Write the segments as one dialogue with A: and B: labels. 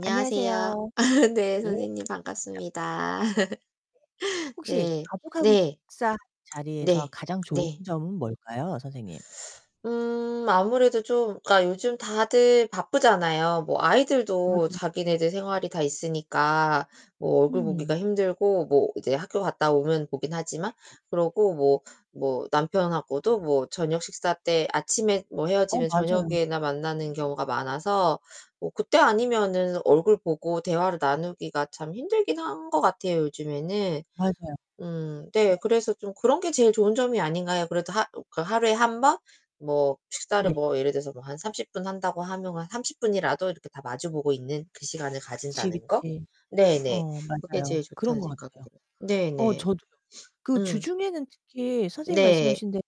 A: 안녕하세요.
B: 아 네.
A: 예
B: 선생님
A: 반갑습니다.
B: 반갑습니다.
A: 혹시
B: 네.
A: 가족하고
B: 네.
A: 식사 자리에서
B: 네
A: 가장 좋은
B: 네.
A: 점은 뭘까요 선생님?
B: 음, 아무래도 좀 그니까 요즘 다들 바쁘잖아요. 뭐 아이들도
A: 맞아요.
B: 자기네들 생활이 다 있으니까 뭐 얼굴
A: 음.
B: 보기가 힘들고 뭐 이제 학교 갔다 오면 보긴 하지만.
A: 네네.
B: 그러고 뭐 뭐 남편하고도 뭐 저녁 식사 때 아침에 뭐
A: 어
B: 헤어지면
A: 맞아요.
B: 저녁에나 만나는 경우가 많아서 뭐 그때 아니면은 얼굴 보고 대화를 나누기가 참 힘들긴 한 것 같아요 요즘에는.
A: 맞아요.
B: 음. 네,
A: 네.
B: 그래서 좀 그런 게 제일 좋은 점이 아닌가요? 그래도 하 그 하루에 1 번? 뭐 식사를
A: 네.
B: 뭐 예를 들어서 뭐 한 30 분 한다고 하면 한 30 분이라도 이렇게 다 마주 보고 있는 그 시간을
A: 그치,
B: 가진다는 거?
A: 그치.
B: 네네.
A: 어
B: 그게 제일
A: 맞아요. 그런
B: 좋다는
A: 거
B: 생각이
A: 같아요.
B: 들어요.
A: 어
B: 네네.
A: 저도요. 그
B: 응.
A: 주중에는 특히 선생님이
B: 네.
A: 말씀하신 대로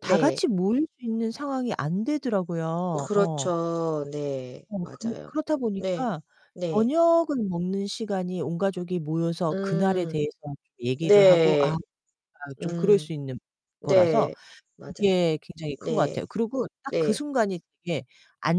A: 다
B: 네.
A: 같이 모일 수 있는 상황이 안 되더라고요. 어.
B: 그렇죠. 네.
A: 어. 그
B: 맞아요.
A: 그렇다
B: 네.
A: 보니까
B: 네.
A: 저녁을 먹는 시간이 온 가족이 모여서 그날에
B: 음.
A: 대해서 좀 얘기를 하고 아
B: 네.
A: [unintelligible] 아 좀 그럴
B: 음.
A: 수 있는 거라서
B: 네. 맞아요.
A: 그게 굉장히 큰 것
B: 네.
A: 같아요. 그리고 딱 그
B: 네.
A: 순간이 되게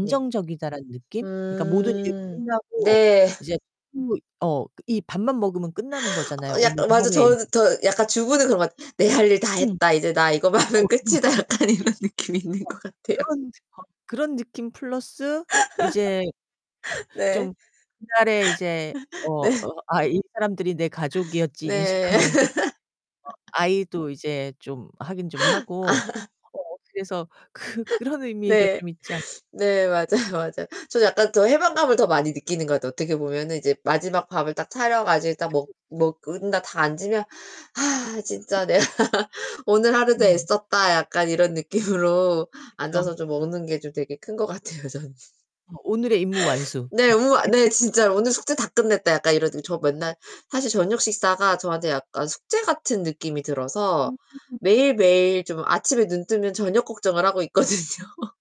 B: 네.
A: 느낌? 그니까 모든 일이
B: 음.
A: 끝나고
B: 네.
A: 이제 [unintelligible] 어 이 밥만 먹으면 끝나는 거잖아요
B: 어
A: 오늘
B: 약간 맞아.
A: 하루의 일.
B: 저 저 약간 주부는 그런 것 같 '내 할 일 다
A: 음.
B: 했다. 이제 나 이거만 하면
A: 어어.
B: 끝이다.'
A: [unintelligible]
B: 약간 이런 느낌이 있는
A: 어.
B: 것 같아요.
A: 그런 거 그런 느낌 플러스 이제
B: 네.
A: 좀 옛날에 이제 어
B: 네.
A: 아 이 사람들이 내 가족이었지
B: 네.
A: 인식하면서 [unintelligible] 아이도 이제 좀 확인 좀 하고. 어 그래서 그 그런 의미가
B: 네.
A: 좀 있지 않
B: 네, 네 맞아요. 맞아요. 저 약간 더 해방감을 더 많이 느끼는 것 같아요. 어떻게 보면은 이제 마지막 밥을 딱 차려 가지고 딱
A: 그쵸.
B: 먹
A: 그쵸.
B: 먹은 다 다 앉으면 '아 진짜 내가 오늘 하루도
A: 음.
B: 애썼다.' 약간 이런 느낌으로
A: 그쵸.
B: 앉아서 좀 먹는 게 좀 되게 큰 것 같아요, 저는.
A: 어, 오늘의 임무 완수.
B: 네. 우와
A: [unintelligible]
B: 네. 진짜 '오늘 숙제 다 끝냈다.' 약간 이러 저 맨날 사실 저녁 식사가 저한테 약간 숙제 같은 느낌이 들어서
A: 음.
B: 매일매일 좀 아침에 눈뜨면 저녁 걱정을 하고 있거든요.